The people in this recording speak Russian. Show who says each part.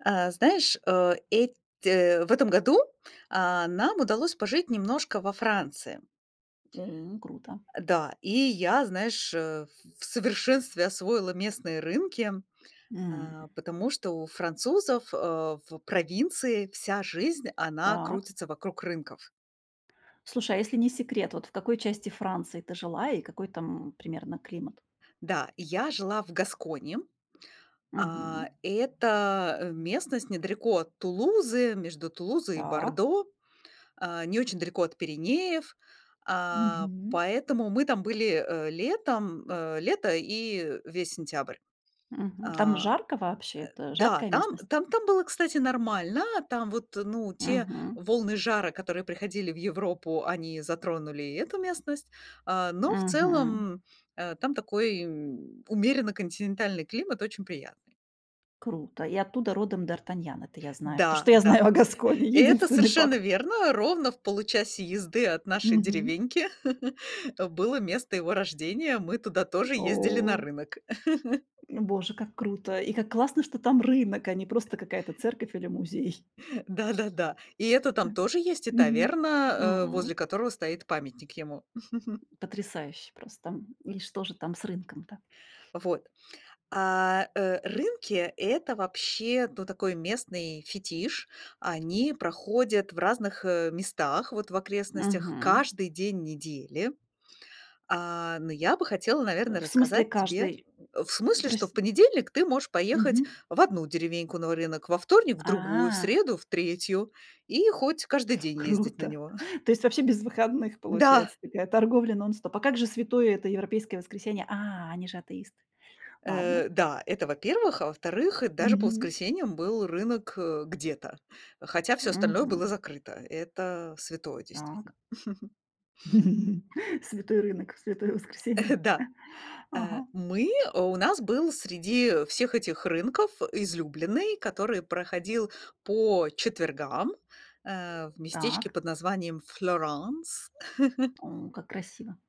Speaker 1: Э, знаешь, э, эт э, в этом году, а, нам удалось пожить немножко во Франции.
Speaker 2: М, круто.
Speaker 1: Да, и я, знаешь, э, в в совершенстве освоила местные рынки, э,
Speaker 2: М.
Speaker 1: потому что у французов, э, в провинции вся жизнь, она
Speaker 2: Так.
Speaker 1: крутится вокруг рынков.
Speaker 2: Слушай, а если не секрет, вот в какой части Франции ты жила и какой там примерно климат?
Speaker 1: Да, я жила в Гасконе. А,
Speaker 2: Мгм.
Speaker 1: это местность недалеко от Тулузы, между Тулузой и
Speaker 2: Так.
Speaker 1: Бордо. Э, не очень далеко от Пиренеев, э,
Speaker 2: Мгм.
Speaker 1: поэтому мы там были, э, летом, э, лето и весь сентябрь.
Speaker 2: Мгм. Там
Speaker 1: Э
Speaker 2: жарко вообще?
Speaker 1: Э,
Speaker 2: Это
Speaker 1: да.
Speaker 2: жаркая
Speaker 1: Там
Speaker 2: местность?
Speaker 1: там было, кстати, нормально. Там вот, ну, те
Speaker 2: Мгм.
Speaker 1: волны жара, которые приходили в Европу, они затронули и эту местность, а, но в
Speaker 2: Мгм.
Speaker 1: целом, э, там такой, м, умеренно-континентальный климат очень приятный.
Speaker 2: Круто. И оттуда родом д'Артаньян. Это я знаю. То,
Speaker 1: Да
Speaker 2: что я
Speaker 1: да,
Speaker 2: знаю о Гасконе.
Speaker 1: и это
Speaker 2: Единственный
Speaker 1: совершенно
Speaker 2: факт.
Speaker 1: верно: ровно в получасе езды от нашей
Speaker 2: Мгм.
Speaker 1: деревеньки было место его рождения. Мы туда тоже ездили на
Speaker 2: О
Speaker 1: рынок.
Speaker 2: Боже, как круто и как классно, что там рынок, а не просто какая-то церковь или музей.
Speaker 1: Да-да-да, и это там
Speaker 2: М.
Speaker 1: тоже есть, и
Speaker 2: Мгм.
Speaker 1: таверна, э, возле
Speaker 2: М.
Speaker 1: которого стоит памятник ему.
Speaker 2: Потрясающе просто. И что же там с рынком-то?
Speaker 1: Вот. А, э, рынки- это вообще, ну, такой местный фетиш. Они проходят в разных, э, местах, вот в окрестностях,
Speaker 2: Мгм.
Speaker 1: каждый день недели. А, ну, я бы хотела, наверно,
Speaker 2: В смысле,
Speaker 1: рассказать тебе
Speaker 2: каждый.
Speaker 1: в
Speaker 2: М м.
Speaker 1: смысле, что
Speaker 2: Прос
Speaker 1: в понедельник ты можешь поехать
Speaker 2: Мгм.
Speaker 1: в одну деревеньку на рынок, во вторник- в другую, в
Speaker 2: А.
Speaker 1: среду- в третью и хоть каждый день ездить на
Speaker 2: Круто.
Speaker 1: него.
Speaker 2: То есть вообще без выходных
Speaker 1: Да.
Speaker 2: получается такая торговля нон-стоп. А как же святое это европейское воскресенье? А, они же атеисты. Ладно.
Speaker 1: Э, да, это, во-первых. А во-вторых, даже по
Speaker 2: Мгм.
Speaker 1: воскресеньям был рынок, э, где-то. Хотя всё остальное было
Speaker 2: Мгм.
Speaker 1: закрыто. Это святое,
Speaker 2: Так.
Speaker 1: действительно.
Speaker 2: Святой рынок в святое воскресенье.
Speaker 1: Э. Да. Э,
Speaker 2: Ага.
Speaker 1: мы у нас был среди всех этих рынков излюбленный, который проходил по четвергам, э, в местечке
Speaker 2: Так.
Speaker 1: под названием Флёранс.
Speaker 2: М, как красиво.